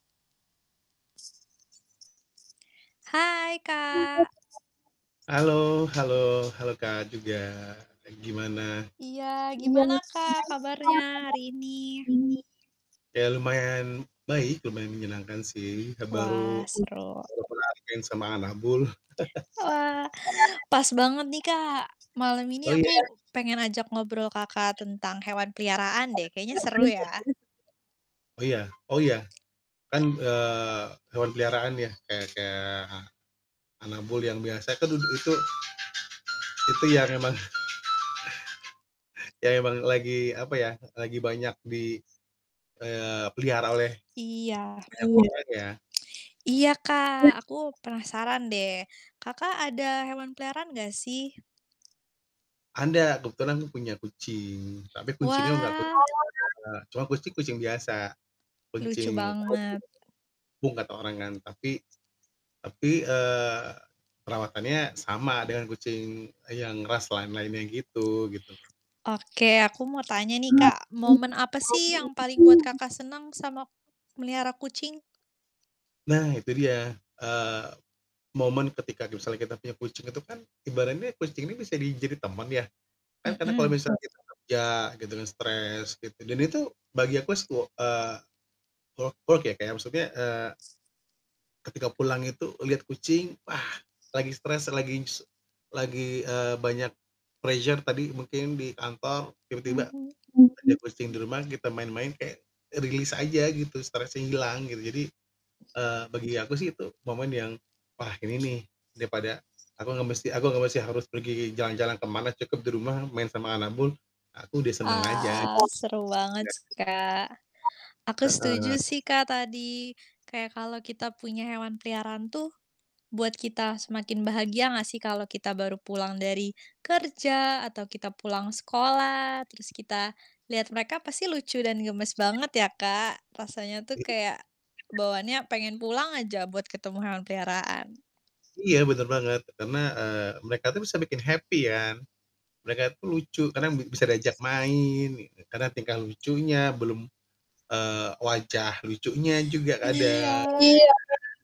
Hai, Kak. Halo halo halo, Kak, juga. Gimana? Iya gimana, Kak, kabarnya hari ini? Ya lumayan baik, lumayan menyenangkan sih. Wah, Baru, seru. baru kelar main sama anabul. Wah, pas banget nih, Kak, malam ini Oh, iya. aku pengen ajak ngobrol Kakak tentang hewan peliharaan deh. Kayaknya seru ya. Oh iya oh iya, kan, eee, hewan peliharaan ya kayak kayak anabul yang biasa kan du itu itu yang emang yang emang lagi, apa ya, lagi banyak di, eee, pelihara oleh Iya. banyak orang ya. Iya, Kak, aku penasaran deh, Kakak ada hewan peliharaan enggak sih? Ada kebetulan aku punya kucing. Tapi kucingnya bukan nggak aku Wah. cuma kucing-kucing biasa. Lucu Kucing banget. kampung kata orang kan. Tapi, tapi, eee, perawatannya sama dengan kucing yang ras lain-lainnya gitu gitu. Oke, aku mau tanya nih, Kak, momen apa sih yang paling buat Kakak senang sama melihara kucing? Nah itu dia, eee, momen ketika misalnya kita punya kucing itu kan, ibaratnya kucing ini bisa jadi teman ya. Kan karena kalau Mhm. misalnya kita kerja gitu kan stres gitu dan itu bagi aku sih, wo eee, work work ya kayak maksudnya, eee ketika pulang itu lihat kucing, wah lagi stres lagi s lagi, eee, banyak pressure tadi mungkin di kantor, tiba-tiba Mhm. ada kucing di rumah, kita main-main kayak release aja gitu, stresnya hilang gitu. Jadi, eee, bagi aku sih itu momen yang, wah, ini nih, daripada aku nggak mesti aku nggak mesti harus pergi jalan-jalan ke mana, cukup di rumah, main sama anabul, aku udah senang aja. Ah, seru banget Iya sih, kan. Kak. Aku setuju Heeh. sih, Kak, tadi kayak kalau kita punya hewan peliharaan tuh buat kita semakin bahagia enggak sih kalau kita baru pulang dari kerja atau kita pulang sekolah, terus kita lihat mereka pasti lucu dan gemas banget ya, Kak? Rasanya tuh kayak bawaannya pengen [unintelligible] pulang aja buat ketemu hewan peliharaan. Iya bener banget. Karena, eee, mereka tuh bisa bikin happy ya kan. Mereka tuh lucu karena bi bisa diajak main gitu, karena tingkah lucunya, belum, eee, wajah lucunya juga Iya. kadang.